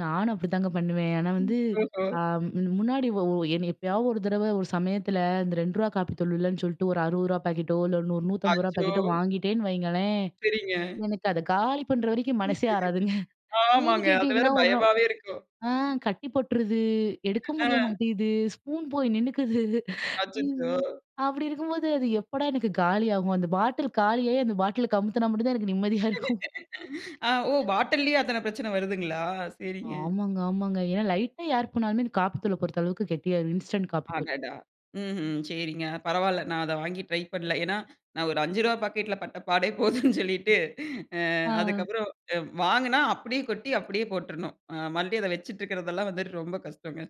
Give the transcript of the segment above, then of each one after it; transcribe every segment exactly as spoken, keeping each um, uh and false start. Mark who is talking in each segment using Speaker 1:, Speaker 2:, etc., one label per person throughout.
Speaker 1: நானும் அப்படிதாங்க பண்ணுவேன். ஆனா
Speaker 2: ம்.
Speaker 1: வந்து,
Speaker 2: ஓஹோ!
Speaker 1: ஆ முன்னாடி ஒ எப்பயாவது ஒரு தடவ ஒரு சமயத்தில இந்த ரெண்டு ரூவா காப்பி தூள் இல்லன்னு சொல்லிட்டு ஒரு அறுபது ரூவா பாக்கெட்டோ இல்ல ₹150.
Speaker 2: அச்சோ!
Speaker 1: பாக்கெட்டோ வாங்கிட்டேன்னு வையுங்களேன்,
Speaker 2: சரிங்க.
Speaker 1: எனக்கு அத காலி பண்ணுற வரை மனசே ஆறாதுங்க. ஏன்னு
Speaker 2: ஆமாங்க. அது வேற
Speaker 1: கேட்டிங்கன்னா, ஒரு நாள்
Speaker 2: பயமாவே இருக்கும்.
Speaker 1: ஆ கட்டி போ போற்றுது, எடுக்க
Speaker 2: ஆ.
Speaker 1: முடிய மாட்டேங்குது ஸ்பூன் போய் நின்னுக்குது.
Speaker 2: அச்சச்சோ!
Speaker 1: அப்படி இருக்கும்போது, அது எப்போடா எனக்கு காலியாகும்! அந்த பாட்டில் காலியாயி, அந்த பாட்டில் கமுத்தினா மட்டும் தான் எனக்கு நிம்மதியா இருக்கும்.
Speaker 2: அ. ஓ! பாட்டில்லயே அத்தன பிரச்சன வருதுங்களா? சரிங்க.
Speaker 1: ஆமாங்க ஆமாங்க ஏன்னா லைட்டா ஏர் போனாலுமே காப்பி தூள பொறுத்த அளவுக்கு கெட்டியாயிரும், இன்ஸ்டன்ட் காப்பி தூள்.
Speaker 2: அடாடா। ம்ஹ்ம். சரிங்க. பரவால்ல! நான் அதை வாங்கி ட்ரை பண்ணல. ஏன்னா நான் ஒரு அஞ்சு ரூவா பாக்கெட்டில பட்டப்பாடே போதும்னு சொல்லிட்டு அ.
Speaker 1: ஆ.
Speaker 2: அதுக்கப்புறம் வாங்கினா அப்படியே கொட்டி, அப்படியே போட்றனும். அ மறுபடியும் அத வச்சுக்கிட்டுருக்கிறதெல்லாம் வந்து ரொம்ப கஷ்டங்க.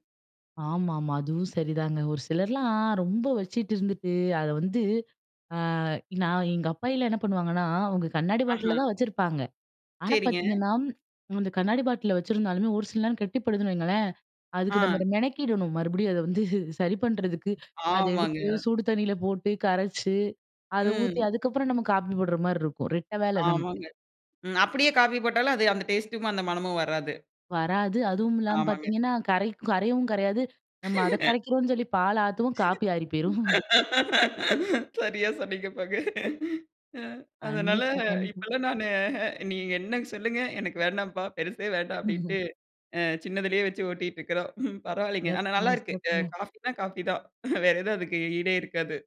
Speaker 1: ஆமாமா, அதுவும் சரிதாங்க. ஒரு சிலர்லாம் ரொம்ப வச்சிட்டு இருந்துட்டு, அதை வந்து, ஆ நான் எங்க அப்பாயில்லாம் என்ன பண்ணுவாங்கன்னா, அவங்க கண்ணாடி
Speaker 2: ஆஹா.
Speaker 1: பாட்டிலில தான் வச்சிருப்பாங்க. ஆனா
Speaker 2: சரிங்க.
Speaker 1: பார்த்தீங்கன்னா, அந்த கண்ணாடி பாட்டிலில வச்சுருந்தாலுமே ஒரு சில நேரம் கெட்டிப்படுதுன்னு வையுங்களேன், அதுக்கு நம்ம
Speaker 2: ஆ.
Speaker 1: மெனக்கிடணும், மறுபடியும் அத வந்து சரி பண்ணுறதுக்கு. அத எடுத்து,
Speaker 2: ஆமாங்க.
Speaker 1: சூடு தண்ணியில போட்டு கரைச்சு, அத ஊத்தி
Speaker 2: ம்.
Speaker 1: அதுக்கப்புறம் நம்ம காப்பி போடுற மாரி இருக்கும், ரெட்டை வேலை நமக்கு.
Speaker 2: ஆமாங்க. ம், அப்படியே காஃபி போட்டாலும் அது அந்த டேஸ்ட்டும், அந்த மனமும் வராது.
Speaker 1: வராது, அதுவும் இல்லாம
Speaker 2: ஆமாங்க.
Speaker 1: பார்த்தீங்கன்னா, கரைக் கரையவும் கரையாது. நம்ம அத கரைக்கிறோம்ன்னு சொல்லி பால் ஆத்துவோம், காப்பி ஆறி போயிரும்.
Speaker 2: சரியா சொன்னீங்க போங்க. அ. அதனால,
Speaker 1: கண்டிப்பா, கண்டிப்பா.
Speaker 2: இப்பலாம் நானு அ நீங்க என்ன சொல்லுங்க, எனக்கு வேண்டாம்பா பெருசே வேண்டாம் அப்படின்ட்டு அ சின்னதிலேயே வச்சு ஓட்டிட்டுருக்கிறோம். பரவாயில்லைங்க. ஆனா நல்லா
Speaker 1: சிறப்புங்க,
Speaker 2: இருக்கு.
Speaker 1: சிறப்புங்க.
Speaker 2: காஃபினா காஃபி தான், வேற எதும் அதக்கு ஈடே இருக்காது.